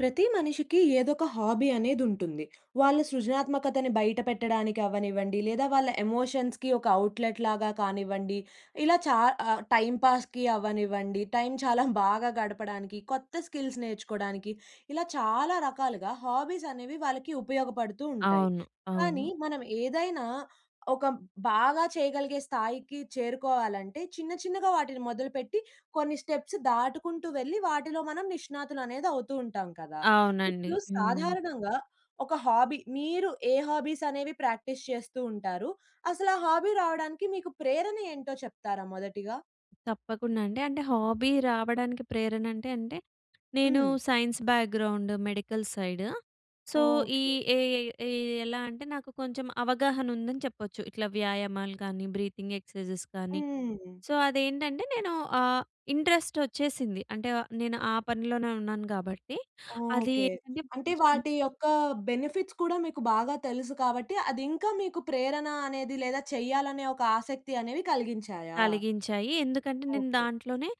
ప్రతి మనిషికి ఏదో ఒక హాబీ అనేది ఉంటుంది. వాళ్ళ సృజనాత్మకతని బయట పెట్టడానికి అవ్వనివ్వండి, లేదా వాళ్ళ ఎమోషన్స్‌కి ఒక ఔట్‌లెట్ లాగా కానివ్వండి, ఇలా చా ఆహ్, టైమ్ పాస్‌కి అవ్వనివ్వండి, టైమ్ చాలా బాగా గడపడానికి కొత్త స్కిల్స్ నేర్చుకోవడానికి, ఇలా చాలా రకాలుగా హాబీస్ అనేవి వాళ్ళకి ఉపయోగపడుతూ ఉంటాయి. అవును. కానీ అవును. మనం ఏదైనా ఒక బాగా చేయగలిగే స్థాయికి చేరుకోవాలంటే, చిన్న చిన్నగా వాటిని మొదలుపెట్టి కొన్ని స్టెప్స్ దాటుకుంటూ వెళ్లి వాటిలో మనం నిష్ణాతులు అనేది అవుతూ ఉంటాం కదా! అవునండి. ఇప్పుడు హ్మ్. సాధారణంగా ఒక హాబీ మీరు ఏ హాబీస్ అనేవి ప్రాక్టీస్ చేస్తూ ఉంటారు? అసలు ఆ హాబీ రావడానికి మీకు ప్రేరణ ఏంటో చెప్తారా మొదటిగా? తప్పకుండా అండి. అంటే హాబీ రావడానికి ప్రేరణ అంటే, అంటే నేను హ్మ్. Science background medical side. So ఈ ఓకే. ఏ ఏ ఎలా అంటే నాకు కొంచెం అవగాహన ఉందని చెప్పొచ్చు. ఇట్లా వ్యాయామాలు గానీ, బ్రీతింగ్ ఎక్సర్సైజెస్ గానీ, హ్మ్. సో అది ఏంటంటే నేను ఆహ్, ఇంట్రెస్ట్ వచ్చేసింది. అంటే ఆహ్, నేను ఆ పనిలోనే ఉన్నాను గాబట్టి అది ఓకే. ఏంటంటే అంటే కొంచెం వాటి యొక్క బెనిఫిట్స్ కూడా మీకు బాగా తెలుసు కాబట్టి, అది ఇంకా మీకు ప్రేరణ అనేది, లేదా చేయాలనే ఒక ఆసక్తి అనేవి కలిగించాయా? కలిగించాయి. ఎందుకంటే నేను ఓకే. దాంట్లోనే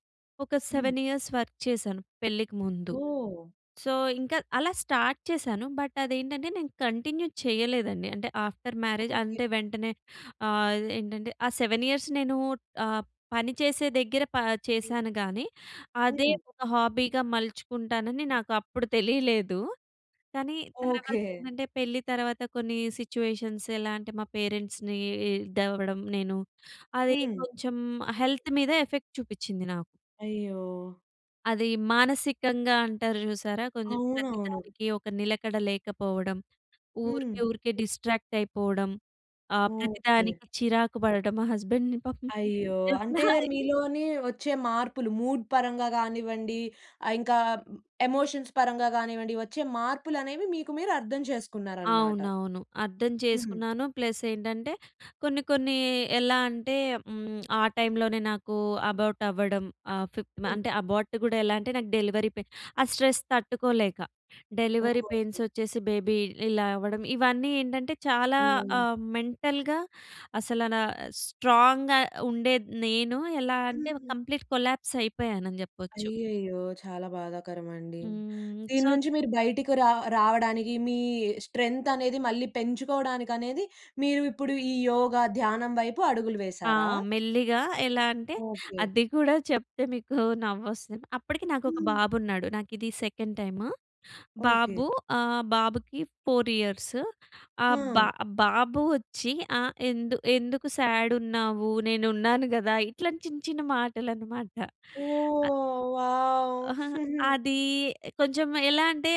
ఒక హ్మ్. 7 ఇయర్స్ వర్క్ చేశాను పెళ్ళికి ముందు. ఓహ్! సో ఇంకా అలా స్టార్ట్ చేశాను. బట్ అది ఏంటంటే నేను కంటిన్యూ చేయలేదండి. అంటే ఆఫ్టర్ మ్యారేజ్ ఓకే. అంటే వెంటనే ఆహ్, ఏంటంటే ఆ 7 ఇయర్స్ నేను ఆహ్, పని చేసే దగ్గర ప చేశాను గాని, అదే హ్మ్. ఒక హాబీగా మలుచుకుంటానని నాకు అప్పుడు తెలియలేదు. కానీ తర్వాత ఓకే. ఏంటంటే పెళ్లి తర్వాత కొన్ని సిట్యుయేషన్స్ ఎలా అంటే మా పేరెంట్స్‌ని ఇదవ్వడం నేను, అది హ్మ్. కొంచెం హెల్త్ మీద ఎఫెక్ట్ చూపిచ్చింది నాకు. అయ్యో! అది, మానసికంగా అంటారు చూసారా! కొంచెం అవునవును. ప్రతిదానికి ఒక నిలకడ లేకపోవడం. హ్మ్. ఊరికే ఊరికే డిస్ట్రాక్ట్ అయిపోవడం. ఆ! ఓకే. ప్రతిదానికి చిరాకు పడటం మా హస్బాండ్‌ని పాపం అయ్యో! అంటే, [unintelligible] మీలోని వచ్చే మార్పులు. మూడ్ పరంగా కానివ్వండి, ఇంకా ఎమోషన్స్ పరంగా కానివ్వండి వచ్చే మార్పులు అనేవి మీకు మీరు అర్థం చేసుకున్నారన్నమాట. అవునవును. అర్థం హ్మ్. చేసుకున్నాను ప్లస్ ఏంటంటే కొన్ని కొన్ని ఎలా అంటే హ్మ్, ఆ టైమ్ లోనే నాకు అబార్ట్ అవ్వడం. ఆ ఫిఫ్ హ్మ్. అంటే అబార్ట్ కూడా ఎలా అంటే, నాకు డెలివరీ పెయిన్ ఆ స్ట్రెస్ తట్టుకోలేక. డెలివరీ పెయిన్స్ ఓహ్! వచ్చేసి, బేబీ ఇలా అవ్వడం. ఇవన్నీ ఏంటంటే చాలా ఆహ్, మెంటల్‌గా అసల నా స్ట్రాంగ్‌గా ఉండేది నేను. ఎలా అంటే కంప్లీట్ కొలాప్స్ అయిపోయానని చెప్పొచ్చు. అయ్యయ్యో! చాలా బాధాకరమండి. హ్మ్. దీని సో నుంచి మీరు బయటికి రావ రావడానికి మీ స్ట్రెంత్ అనేది మళ్ళీ పెంచుకోవడానికి అనేది మీరు ఇప్పుడు ఈ యోగ, ధ్యానం వైపు అడుగులు ఆ! వేసారా? మెల్లిగా ఎలా అంటే ఓకే. అది కూడా చెప్తే మీకు నవ్వొస్తది. అప్పటికి నాకు ఒక హ్మ్. బాబు ఉన్నాడు. నాకు ఇది సెకండ్ టైము. ఓకే. బాబు ఆహ్, బాబుకి 4 ఇ‌యర్స్. ఆహ్, ఆ! బా బాబు వచ్చి ఆహ్, "ఎందు ఎందుకు సాడు ఉన్నావు? నేను ఉన్నాను కదా!" ఇట్లాంటి చిన్న చిన్న మాటలు అన్నమాట. అ ఓహ్! వావ్! ఆహాహా! అది కొంచెం ఎలా అంటే,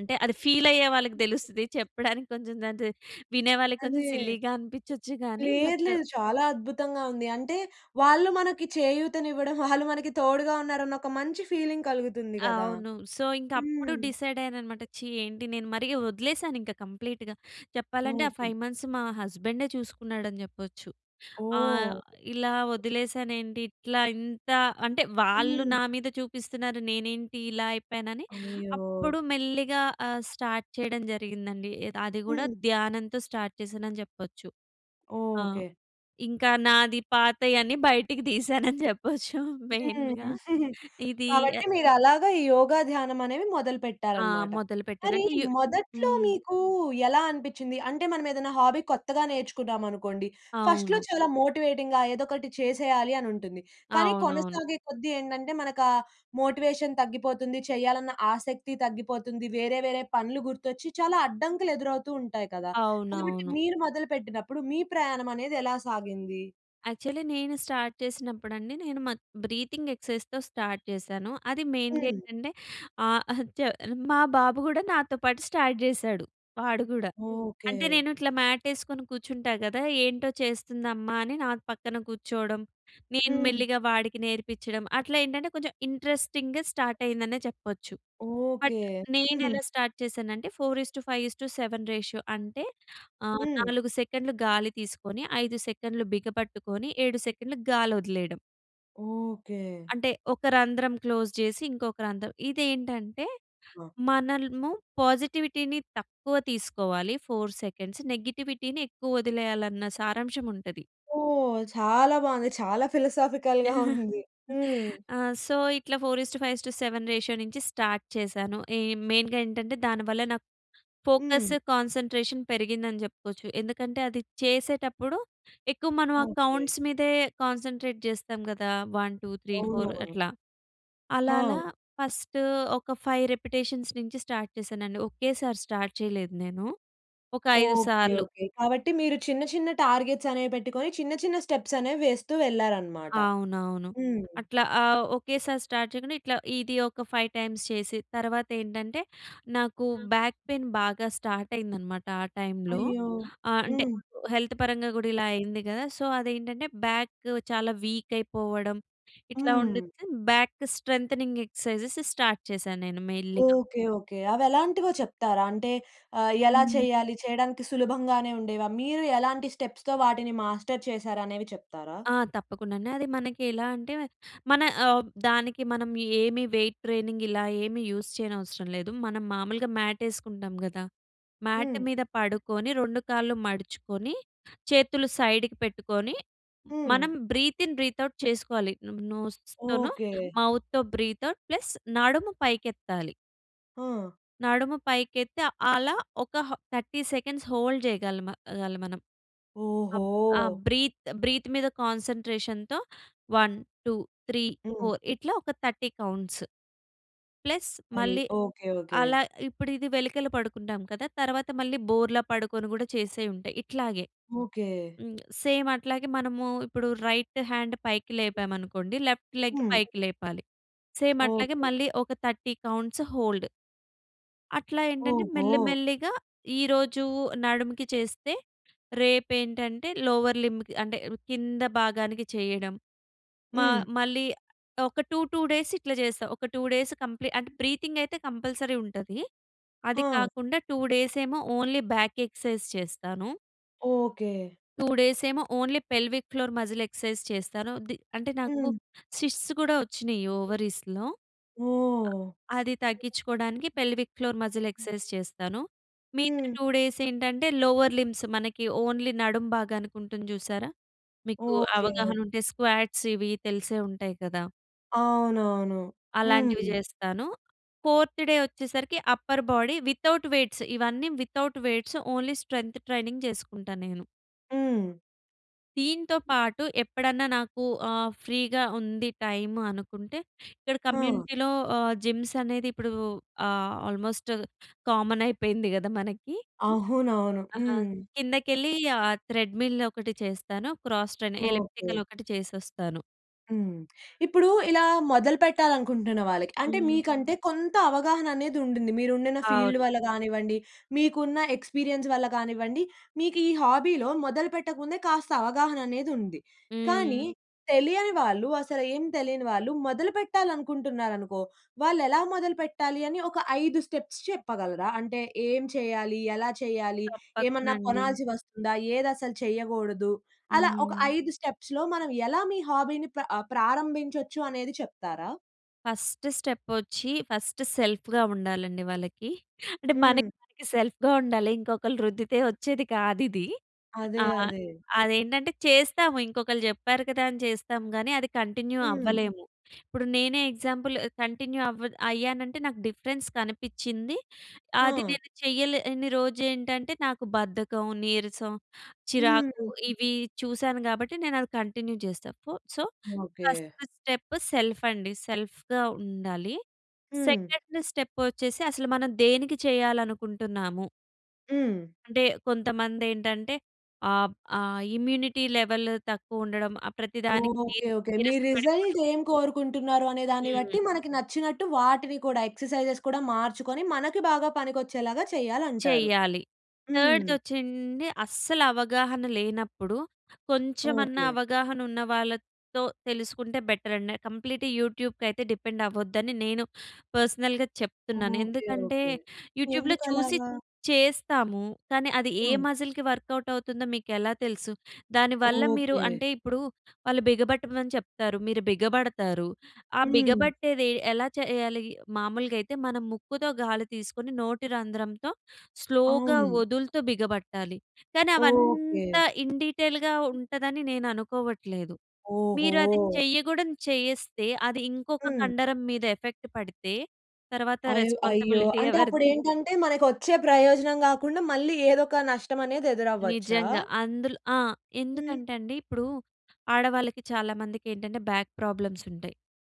అంటే అది ఫీల్ అయ్యే వాళ్ళకి తెలుస్తది. చెప్పడానికి కొంచెం [unintelligible] వినే వాళ్ళకి కొంచెం అదే. సిల్లీగా అనిపించొచ్చు గాని లేదు, బట్ లేదు. చాలా అద్భుతంగా ఉంది. అంటే వాళ్ళు మనకు చేయూతని ఇవ్వడం. వాళ్ళు మనకు తోడుగా ఉన్నారు అని ఒక మంచి ఫీలింగ్ కలుగుతుంది కదా. అవును. సో, ఇంక అప్పుడు హ్మ్. డిసైడ్ అయ్యాను అన్నమాట. ఛీ, ఏంటి నేను మరి వదిలేసాను ఇంకా కంప్లీట్‌గా. చెప్పాలంటే, ఆ ఓకే. 5 మంత్స్ మా హస్బాండె చూసుకున్నాడు అని చెప్పొచ్చు. ఆహ్, ఓహ్! ఇలా వదిలేసాను ఏంటి. ఇట్లా ఇంత అంటే, వాళ్ళు హ్మ్. నా మీద చూపిస్తున్నారు నేనేంటి ఇలా అయిపోయానని. అయ్యో. అప్పుడు మెల్లిగా ఆహ్, స్టార్ట్ చేయడం జరిగిందండి. ఏది అది కూడా హ్మ్. ధ్యానంతో స్టార్ట్ చేశానని చెప్పొచ్చు. ఆ! ఓకే. ఇంకా నాది పాతయ‌న్ని బయటికి తీశానని చెప్పొచ్చు హ్మ్. మెయిన్‌గా. ఇది కాబట్టి యహ్! మీరు అలాగా ఈ యోగా, ధ్యానం అనేది ఆ! మొదలుపెట్టారన్నమాట. మొదలుపెట్టాను. మరి అంటే యు మొదట్లో హ్మ్. మీకు ఎలా అనిపించింది? అంటే మనం ఏదైనా హాబీ కొత్తగా నేర్చుకున్నామనుకోండి, ఫస్ట్‌లో అవును. చాలా మోటివేటింగ్‌గా ఏదో ఒకటి చేసేయాలి అని ఉంటుంది. కానీ అవునవును. కొనసాగే కొద్దీ ఏంటంటే మనకు ఆ మోటివేషన్ తగ్గిపోతుంది. చేయాలన్న ఆసక్తి తగ్గిపోతుంది. వేరే వేరే పనులు గుర్తొచ్చి చాలా అడ్డంకులు ఎదురవుతూ ఉంటాయి కదా. కాబట్టి అవునవును. మీరు మొదలుపెట్టినప్పుడు మీ ప్రయాణం అనేది ఎలా సాగింది? యాక్చువ‌లి నేను స్టార్ట్ చేసినప్పుడండి నేను మత్ బ్రీతింగ్ ఎక్సర్సైజ్‌స్‌తో స్టార్ట్ చేశాను. అది మెయిన్‌గా హ్మ్. ఏంటంటే ఆ! హ త మా బాబు గూడా నాతో పాటు స్టార్ట్ చేసాడు వాడు కూడా. అంటే ఓకే. నేను ఇట్లా మ్యాట్ వేసుకొని కూర్చుంటా కదా! ఏంటో చేస్తుంది అమ్మ అని నా పక్కన కూర్చోవడం. నేను హ్మ్. మెల్లిగా వాడికి నేర్పించడం అట్లా ఏంటంటే కొంచెం ఇంట్రెస్టింగ్‌గా స్టార్ట్ అయిందనే చెప్పొచ్చు. But okay. నేను ఎలా స్టార్ట్ చేసానంటే 4:5:7 రేషియో అంటే ఆ! హ్మ్. నాలుగు సెకండ్లు గాలి తీసుకొని ఐదు సెకండ్లు బిగపట్టుకొని ఏడు సెకండ్లు గాలి వదిలేయడం. ఓకే. అంటే ఒక రంధ్రం క్లోజ్ చేసి ఇంకొక రంధ్రం. ఇదేంటంటే ఆ! మనల్‌ము పాజిటివిటీ‌ని తక్కువ తీసుకోవాలి ఫోర్ సెకండ్స్ నెగెటివిటీ‌ని ఎక్కువ వదిలేయాలన్న సారాంశం ఉంటది. ఓహ్! చాలా బాగుంది. చాలా ఫిలసాఫికల్‌గా ఉంది. హ్మ్. ఆ! సో, ఇట్లా 4:5:7 రేషియో నుంచి స్టార్ట్ చేశాను. ఈ మెయిన్‌గా ఏంటంటే దానివల్ల నా ఫోకస్ హ్మ్. కాన్సంట్రేషన్ పెరిగిందని చెప్పుకోవచ్చు. ఎందుకంటే అది చేసేటప్పుడు ఎక్కువ మనం ఆ ఓకే. కౌంట్స్ మీదే కాన్సంట్రేట్ చేస్తాం కదా! వన్ టూ, త్రీ, ఫౌర్ అవునవును. అట్లా అలా అలా హా! ఫస్ట్ ఒక ఫైవ్ రిపిటీషన్స్ నుంచి స్టార్ట్ చేశానండి. ఒకేసారి స్టార్ట్ చేయలేదు నేను. ఒక ఐదు ఓకే. సార్లు. ఓకే. కాబట్టి మీరు చిన్న, చిన్న టార్గెట్‌స్ అనేవి పెట్టుకొని, చిన్న చిన్న స్టెప్‌స్ అనేవి వేస్తూ వెళ్లారు అన్నమాట. అవునవును. హ్మ్. అట్లా ఆ! ఒకేసారి స్టార్ట్ చేయకుండా ఇట్లా ఇది ఒక ఫైవ్ టైమ్స్ చేసి తర్వాత ఏంటంటే నాకు హ్మ్. బ్యాక్ పెయిన్ బాగా స్టార్ట్ అయిందనమాట ఆ టైమ్‌లో. అయ్యో! ఆహ్, అంటే హ్మ్. హెల్త్ పరంగా కూడా ఇలా అయింది కదా! సో, అదేంటంటే బ్యాక్ చాలా వీక్ అయిపోవడం ఇట్లా ఉండిది. హ్మ్. బ్యాక్ స్ట్రెంథెనింగ్ ఎక్సర్సైజెస్ స్టార్ట్ చేశాను నేను మెల్లిగా. ఓకే. ఓకే. అవి ఎలాంటివో చెప్తారా? అంటే ఆ! ఎలా హ్మ్. చెయ్యాలి? చేయడానికి సులభంగానే ఉండేవా? మీరు ఎలాంటి స్టెప్‌స్‌తో వాటిని మాస్టర్ చేసారు అనేవి చెప్తారా? ఆ! తప్పకుండానే. అది మనకి ఎలా అంటే‌మే మన ఆహ్, దానికి మనం ఏమి వెయిట్ ట్రైనింగ్ ఇలా ఏమి యూజ్ చేయనవసరం లేదు. మనం మామూలుగా మ్యాట్ వేసుకుంటాం కదా! మ్యాట్ హ్మ్. మీద పడుకొని 2 కాళ్ళు మడుచుకొని చేతులు సైడ్‌కి పెట్టుకొని హ్మ్. మనం బ్రీత్ ఇన్ బ్రీత్ ఔట్ చేసుకోవాలి. నం నోస్ తోను ఓకే. మౌత్‌తో బ్రీత్ ఔట్ ప్లస్ నడుము పైకి ఎత్తాలి. ఆ! నడుము పైకెత్తి అలా ఒక హ 30 సెకండ్స్ హోల్డ్ చేయగలమ ఆహ్, గాలి మనం. ఓహో! ఆబ్ ఆ బ్రీత్ బ్రీత్ మీద కాన్సంట్రేషన్‌తో వన్ టు త్రీ హ్మ్. ఫోర్ ఇట్లా ఒక 30 కౌంట్స్. ప్లస్ అయ్ మళ్ళీ ఓకే. ఓకే. అలా ఇప్పుడు ఇది వెలికల పడుకుంటాం కదా! తర్వాత మళ్ళీ బోర్లా పడుకొని, గూడా చేసేవి ఉంటాయి. ఇట్లాగే. ఓకే. హ్మ్, సేమ్ అట్లాగే మనము ఇప్పుడు రైట్ హాండ్ పైకి లేపామనుకోండి లెఫ్ట్ లెగ్ హ్మ్. పైకి లేపాలి. సేమ్ అట్లాగే ఓకే. మళ్ళీ ఒక 30 కౌంట్స్ హోల్డ్... అట్లా ఏంటంటే ఓహో! మెల్లి, మెల్లిగా ఈరోజు నడుముకి చేస్తే రేపేంటంటే లోవర్ లింబ్‌కి అంటే, కింద భాగానికి చేయడం. మా హ్మ్. మళ్ళీ ఒక 2, 2 డేస్ ఇట్లా చేస్తా. ఒక 2 డేస్ కంప్లీ అంటే బ్రీతింగ్ అయితే కంపల్సరీ ఉంటది. అది ఆా! కాకుండా 2 డేస్ ఏమో ఓన్లీ బాక్ ఎక్సర్సైజ్ చేస్తాను. ఓకే. 2 డేస్ ఏమో only pelvic floor muscle exercise చేస్తాను. ది అంటే నాకు హ్మ్. సిస్ట్స్ కూడా ఒచ్చినయి ఓవరీస్‌లో. ఓహ్! అది తగ్గించుకోవడానికి పెల్విక్ ఫ్లోర్ మసిల్ ఎక్సర్సైజ్ చేస్తాను. మిగతా హ్మ్. 2 డేస్ ఏంటంటే, లోవర్ లింబ్స్ మనకి ఓన్లీ నడుం భాగానికి ఉంటుంది జూసారా? మీకు ఓకే. అవగాహన ఉంటే స్క్వాట్స్ ఇవి తెలిసే ఉంటాయి గదా! అవునవును. అలాంటివి హ్మ్. జేస్తాను. ఫోర్త్ డే వచ్చేసరికి అప్పర్ బాడీ, వితౌట్ వెయిట్స్ ఇవన్నీ without weights, only strength training చేసుకుంటా నేను. హ్మ్. దీంతో పాటు ఎప్పుడన్నా నాకు ఆహ్, ఫ్రీ‌గా ఉంది టైమ్ అనుకుంటే, ఇక్కడ ఆ! కమ్యూనిటీ‌లో ఆహ్, జిమ్స్ అనేది ఇప్పుడు ఆహ్, ఆల్మోస్ట్ కామన్ అయిపోయింది కదా! మనకి. అవునవును. ఆ! హ్మ్. కిందకెళ్ళి ఆహ్, ట్రెడ్‌మిల్ ఒకటి చేస్తాను. Cross train okay. ఎలిప్టికల్ ఒకటి చేసొస్తాను. హ్మ్. ఇప్పుడు ఇలా మొదలు పెట్టాలనుకుంటున్న వాళ్ళకి అంటే హ్మ్. మీకంటే కొంత అవగాహన అనేది ఉందిండి. మీరు ఉండిన ఫీల్డ్ అవును. వల్ల కానివ్వండి. మీకున్న ఎక్స్పీరియన్స్ వల్ల కానివ్వండి. మీకు ఈ హాబీలో మొదలు పెట్టకముందే కాస్త అవగాహన అనేది ఉంది. హ్మ్. కానీ, తెలియని వాళ్ళు అసలు ఏమి తెలియని వాళ్ళు మొదలుపెట్టాలనుకుంటున్నారనుకో, వాళ్ళెలా మొదలుపెట్టాలి అని ఒక, 5 స్టెప్స్ చెప్పగలరా? అంటే ఏం చేయాలి? ఎలా చేయాలి? తప్పకుండా ఏమన్నా అండి. కొనాల్సి వస్తుందా? ఏది అసలు చేయకూడదు? అలా ఒక, హ్మ్. 5 స్టెప్స్‌లో మనం ఎలా మీ హాబీని పా ప్రారంభించొచ్చు అనేది చెప్తారా? ఫస్ట్‌‌‌‌‌‌స్టెప్ వచ్చి ఫస్ట్ సెల్ఫ్‌గా ఉండాలండి వాళ్ళకి. అంటే హ్మ్. మనకి సెల్ఫ్‌గా ఉండాలి. ఇంకొకళ్ళు రుద్దితే వచ్చేది కాదిది. అదే, ఆహ్, అదే. అదేంటంటే చేస్తాము ఇంకొకళ్ళు చెప్పారు కదా! అని చేస్తాం గాని అది కంటిన్యూ హ్మ్. అవ్వలేము. ఇప్పుడు నేనే ఎగ్జాంపుల్ కంటిన్యూ అవ్వ అయ్యానంటే నాకు డిఫరెన్స్ కనిపిచ్చిం‌ది. అది ఆ! నేను చెయ్యలేని రోజు ఏంటంటే నాకు బద్ధకం, నీరసం, చిరాకు హ్మ్. ఇవి చూసాను కాబట్టి నేను అది కంటిన్యూ చేస్తా. ఫో so, first okay. Step self అండి. సెల్ఫ్‌గా ఉండాలి. హ్మ్. 2 స్టెప్ వచ్చేసి అసలు మనం దేనికి చెయ్యాలనుకుంటున్నాము. హ్మ్. అంటే కొంతమంది ఏంటంటే ఆహ్, ఆహ్, ఇమ్యూనిటీ లెవెల్ తక్కువ ఉండడం ఆహ్, ప్రతి దానికి ఓకె. ఓకె. మీ నీరసపడి‌పొడడం. రిజల్ట్ ఏం కోరుకుంటున్నారు అనే దాన్ని బట్టి హ్మ్. మనకి నచ్చినట్టు వాటిని కూడా ఎక్సర్సైజెస్ కూడా మార్చుకొని, మనకి బాగా పనికొచ్చేలాగా చేయాలంటారు. చెయ్యాలి. హ్మ్. 3 వచ్చండి అస్సలు అవగాహన లేనప్పుడు, కొంచెమన్నా ఓకె. అవగాహన ఉన్నవాళ్ళతో తెలుసుకుంటే బెటరండి. కంప్లీట్ యూట్యూబ్‌కి అయితే డిపెండ్ అవ్వద్దని నేను పర్సనల్‌గా చెప్తున్నాను. ఓకె. ఎందుకంటే ఓకె. యూట్యూబ్‌లో చూసి ఎందుకలాగా? చేస్తాము. కానీ అది ఏ హ్మ్. మసిల్‌కి వ‌ర్కౌట్ అవుతుందో, మీకు ఎలా తెలుసు? దాని వల్ల మీరు ఓకె. అంటే ఇప్పుడు వాళ్ళు బిగ బట్టమని చెప్తారు, మీరు బిగబడతారు. ఆహ్, హ్మ్. బిగబట్టేది ఎలా చేయాలి? మామూలుగా అయితే మనం ముక్కుతో గాలి తీసుకొని నోటి రంధ్రంతో స్లోగా అవును. వదులుతూ బిగబట్టాలి. కానీ ఓకె. అవంతా ఇన్‌డీటెయిల్‌గా ఉంటదని నేను అనుకోవట్లేదు. మీరు అది ఓహో! చెయ్యకూడనిది చేస్తే, అది ఇంకొక హ్మ్. కండరం మీద ఎఫెక్ట్ పడితే తరువాత అయ్యో! అయ్యో! రెస్పాన్సిబిలిటీ అంటే అప్పుడు ఎవరిది? ఏంటంటే మనకు వచ్చే ప్రయోజనం కాకుండా మళ్ళీ ఏదో ఒక నష్టం అనేది ఎదురవ్వచ్చా? నిజంగా అందులో ఆ! హ్మ్. ఎందుకంటే అండి ఇప్పుడు ఆడవాళ్ళకి చాలా మందికి ఏంటంటే బాక్ ప్రాబ్లమ్స్ ఉంటాయి.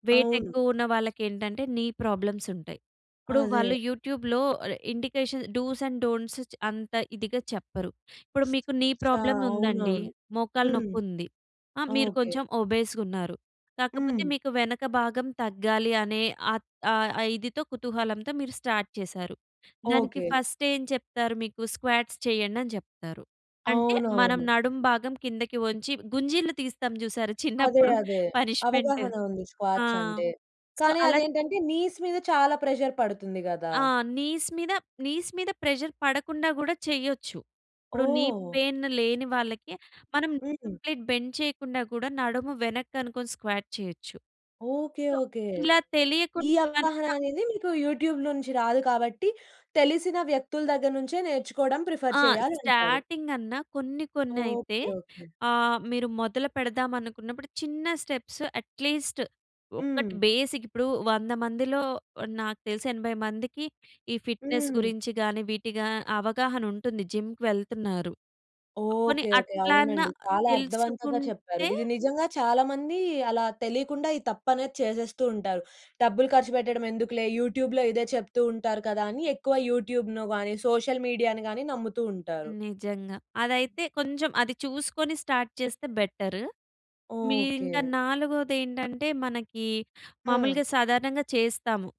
వెయిట్ అవును. ఎక్కువ ఉన్న వాళ్ళకి ఏంటంటే నీ ప్రాబ్లమ్స్ ఉంటాయి. ఇప్పుడు అదే. వాళ్ళు యూట్యూబ్‌లో ఆహ్, ఇండికేషన్ డూస్ అండ్ డోంట్స్ చ్ అంత ఇదిగా చెప్పరు. ఇప్పుడు మీకు నీ ఆ! ప్రాబ్లమ్ ఉందండి. అవునవును. మోకాలు హ్మ్. నొప్పి ఉంది. ఆహ్, మీరు ఓకె. కొంచెం ఒబేస్‌గా ఉన్నారు. కాకపోతే హ్మ్. మీకు వెనక భాగం తగ్గాలి అనే ఆహ్, ఆహ్, ఆ ఇదితో కుతూహలంతో మీరు స్టార్ట్ చేసారు. దానికి ఓకె. ఫస్ట్ ఏం చెప్తారు? మీకు స్క్వాట్స్ చేయండని చెప్తారు. అంటే మనం అవునవును. నడుం భాగం కిందకి వంచి, గుంజీలు తీస్తాం చూసారా అదే. చిన్నప్పుడు. అదే. పనిష్మెంట్. అవగాహన ఉంది స్క్వాట్స్ ఆహ్, అంటే. సో, కానీ అలా అదేంటంటే నీస్ మీద చాలా ప్రెషర్ పడుతుంది కదా! ఆ! నీస్ మీద నీస్ మీద ప్రెషర్ పడకుండా గూడా చేయొచ్చు. ఇప్పుడు నీ ఓహ్! పెయిన్ లేని వాళ్ళకి మనం హ్మ్. కంప్లీట్ బెండ్ చేయకుండా కూడా నడుము వెనక్క‌నుకొని స్క్వాట్ చేయొచ్చు. ఓకె. So okay. ఇలా తెలియకుం ఈ అవగాహన [unintelligible] అనేది మీకు యూట్యూబ్‌లో నుంచి రాదు కాబట్టి, తెలిసిన వ్యక్తుల దగ్గర నుంచే నేర్చుకోవడం ప్రిఫర్ ఆ! చేయాలి అంటారు. స్టార్టింగన్న కొన్ని కొన్ని అయితే ఓకె. ఓకె. ఆహ్, మీరు మొదలు పెడదాం అనుకున్నప్పుడు, చిన్న స్టెప్స్ అట్లీస్ట్ ఒక్క‌‌టి హ్మ్. బేసిక్ ఇప్పుడు 100 మందిలో, నాకు తెలిసి 80 మందికి ఈ ఫిట్‌‌నెస్ హ్మ్. గురించి‌ గాని వీటి‌‌గా అవగాహన ఉంటుంది. జిమ్‌కి వెళ్తున్నారు. పోనీ ఓకె. ఓకె. అట్లన్నా అవునండి. చాలా అర్థవంతంగా చెప్పారు. తెలుసుకుంటే ఇది నిజంగా చాలా మంది అలా తెలియకుండా ఈ తప్పనేది చేసేస్తూ ఉంటారు. డబ్బులు ఖర్చుపెట్టడం ఎందుకులే యూట్యూబ్‌లో ఇదే చెప్తూ ఉంటారు కదా! అని ఎక్కువ యూట్యూబ్‌ను గాని, సోషల్ మీడియా‌ని గాని నమ్ముతూ ఉంటారు. నిజంగా అదైతే కొంచెం అది చూసుకొని స్టార్ట్ చేస్తే బెటర్. ఓకె. మీరింకా నాలుగోది ఏంటంటే మనకి ఆ! మాములుగా సాధారణంగా చేస్తాము.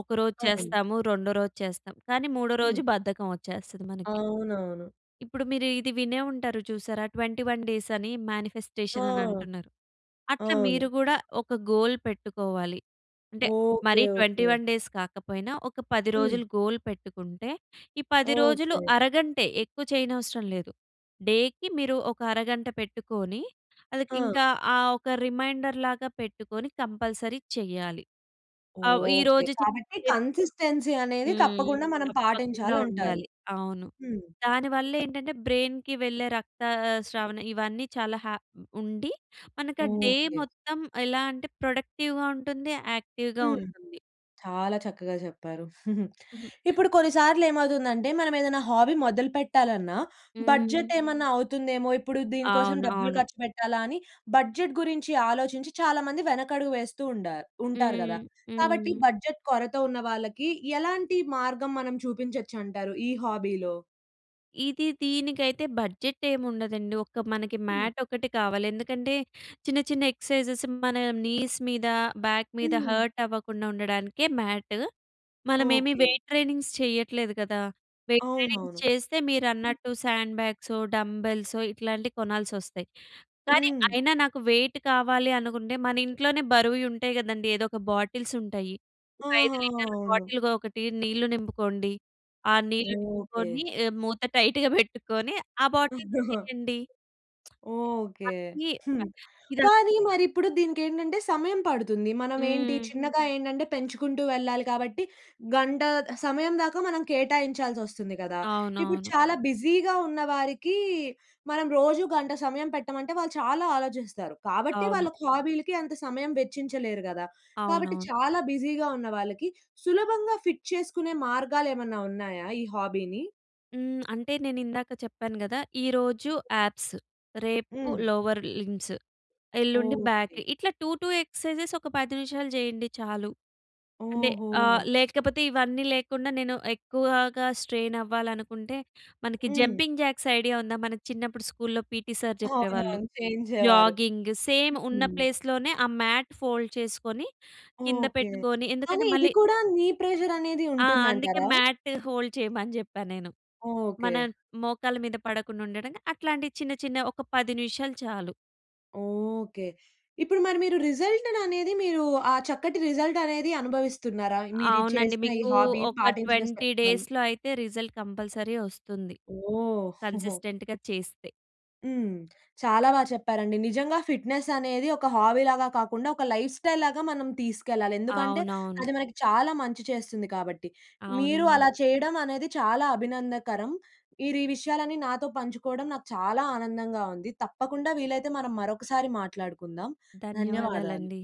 ఒక రోజు అవును. చేస్తాము. రెండో రోజు చేస్తాము. కానీ మూడో రోజు హ్మ్. బద్ధకం వచ్చేస్తది మనకి. అవునవును. ఇప్పుడు మీరు ఇది వినే ఉంటారు చూసారా 21 డేస్ అని ఆ! మానిఫెస్టేషన్ అని అంటున్నారు. అట్లా మీరు అవును. గూడా ఒక గోల్ పెట్టుకోవాలి. అంటే ఓకె. మరీ ఓకె. 21 డేస్ కాకపోయినా, ఒక 10 హ్మ్. రోజులు గోల్ పెట్టుకుంటే ఈ 10 రోజులు ఓకె. అరగంటే, ఎక్కువ చేయనవసరం లేదు. డే‌కి మీరు ఒక అరగంట పెట్టుకొని, ఆ! ఇంకా ఆహ్, ఒక రిమైండర్‌లాగా పెట్టుకొని కంపల్సరీ చెయ్యాలి. ఆవ్ ఓకె. ఈరోజు చేసి కాబట్టి రేపు కన్సిస్టెన్సీ అనేది హ్మ్. తప్పకుండా మనం తప్పకుండా పాటించాలం‌టారు. ఉండాలి. అవును. హ్మ్. దానివల్లేం‌టంటే బ్రెయిన్‌కి వెళ్ళే రక్తస్రావణ ఇవన్నీ చాలా హ ఉండి, మనకు ఆహ్, డే ఓకె. మొత్తం ఎలా అంటే ప్రొడక్టివ్‌గా ఉంటుంది. యాక్టివ్‌గా హ్మ్. ఉంటుంది. చాలా చక్కగా చెప్పారు. హుహు. ఇప్పుడు కొన్ని సార్లు ఏమవుతుందంటే మనం ఏదన్నా హాబీ మొదలు పెట్టాలన్నా హ్మ్. బడ్జెట్ ఏమన్నా అవుతుందేమో! ఇప్పుడు దీని కోసం అవును. డబ్బులు అవును. ఖర్చు పెట్టాలా? అని బడ్జెట్ గురించి ఆలోచించి చాలామంది వెనకడుగు వేస్తూ ఉండారు ఉంటారు హ్మ్. కదా! కాబట్టి హ్మ్. బడ్జెట్ కొరత ఉన్న వాళ్ళకి ఎలాంటి మార్గం మనం చూపించొచ్చంటారు ఈ హాబీలో? ఇది దీనికైతే బడ్జెట్ ఏముండదండి. ఒక్క మనకి హ్మ్. మ్యాట్ ఒకటి కావాలి. ఎందుకంటే, చిన్న, చిన్న ఎక్ససైజెస్ మన నీస్ మీద, బాక్ మీద హ్మ్. హాట్టవ్వకుండా ఉండడానికే మ్యాట్. మనమేమీ ఓకే. వెయిట్ ట్రెయినింగ్స్ చెయ్యట్లేదు కదా! వెయిట్ ట్రైనింగ్స్ అవునవును. చేస్తే మీరన్నట్టు శాండ్ బ్యాగ్సో, డంబెల్సో ఇట్లాంటియి కొనాల్సొస్తయి, కానీ హ్మ్. అయినా నాకు వెయిట్ కావాలి అనుకుంటే, మనింట్లోనే బరువుయి ఉంటాయి గదండీ. ఏదోక బాటిల్సుంటయి. ఒక 5 ఆహాహా! లీటర్ల అవును. బాటిల్‌గా ఒకటి నీళ్లు నింపుకోండి. ఆ నీళ్లు ఓకే. నింపుకొని ఏ మూత టైటుగ పెట్టుకోని ఆ బాటిల్‌తో చెయ్యండి. ఎ ఓకే. మనకీ ఆహ్, హ్మ్. ఇద కానీ మరి ఇప్పుడు దీనికేంటంటే, సమయం పడుతుంది. మనమేంటి హ్మ్. చిన్నగా ఏంటంటే, పెంచుకుంటూ వెళ్ళాలి కాబట్టి, గంటా సమయం దాకా మనం కేటాయించాల్సొస్తుంది గదా! ఇప్పుడు అవునవును. చాలా బిజీ‌గా ఉన్న వారికీ, మనం రోజూ గంట సమయం పెట్టమంటే, వాళ్ళు చాలా ఆలోచిస్తారు. కాబట్టే, అవును. వాళ్ళకి హాబీ‌లకి అంత సమయం వెచ్చించలేరు గదా! కాబట్టి, అవునవును. చాలా బిజీ‌గా ఉన్నవాళ్ళకి, సులభంగా ఫిట్ చేసుకునే మార్గాలేమన్నా ఉన్నాయా ఈ హాబీ‌ని? హ్మ్. అంటే, నేనిందాక చెప్పాను గదా! ఈరోజు యాబ్స్, రేపు హ్మ్. లోవర్ లింబ్స్, ఎల్లుండి బాక్. ఓకే. ఇట్లా 2, 2 ఎక్స‌సైజెస్ ఒక 10 నిమిషాలు జెయ్యండి చాలు. అంటే, ఆహ్, ఓహో! లేకపోతే, ఇవన్నీ లేకుండా, నేను ఎక్కువాగా స్ట్రెయినవ్వాలనుకుంటే, మనకి హ్మ్. జంపింగ్ జాక్స్ ఐడియా ఉందా? మన చిన్నప్పుడు స్కూల్‌లో పీటీ సార్ చెప్పేవాళ్ళు. అవునవును. చేయించేవారు. జాగింగ్ సేమ్ ఉన్న హ్మ్. ప్లేస్‌లోనే ఆ మ్యాట్ ఫోల్డ్ చేసుకొని, కింద ఓకే. పెట్టుకోని కానీ ఎందుకంటే, ఇది మళ్ళీ కూడా నీ ప్రెజరనేది ఆ! అందుకే ఉంటుందంటారా? మ్యాట్ హోల్డ్ చెయమని చెప్పా నేను. మన ఓకే. మోకాళ్ళ మీద పడకుండుండడంకి అట్లాంటి చిన్న చిన్న ఒక 10 నిమిషాలు చాలు. ఓకే. ఇప్పుడు మరి మీరు రిజల్ట్‌ను అనేది మీరూ ఆ చక్కటి రిజల్టనేది అనుభవిస్తున్నారా? మీరీ అవునండి. చేసిన ఈ మీకూ హాబీ ఒక పాటించిన 20 [unintelligible] డేస్‌లో అయితే రిజల్ట్ కంపల్సరీ వొస్తుంది, ఓహ్! కన్సిస్టెంట్‌గా చేస్తే. హ్మ్. చాలా బా చెప్పారండి. నిజంగా ఫిట్నెస్ అనేది ఒక హాబీ‌లాగా కాకుండా, ఒక లైఫ్‌స్టైల్‌లాగా మనం తీసుకెళ్ళాలి. ఎందుకంటే, అవునవును. అది మనకి చాలా మంచి చేస్తుంది కాబట్టి. మీరు అవునండి. అలా చెయ్యడం అనేది చాలా అభినందనకరం. మీరు ఈ విషయాలన్నీ నాతో పంచుకోడం నాకు చాలా ఆనందంగా ఉంది. తప్పకుండా వీలైతే మనం మరొకసారి మాట్లాడుకుందాం. ధన్యవాదాలు. ధన్యవాదాలండి.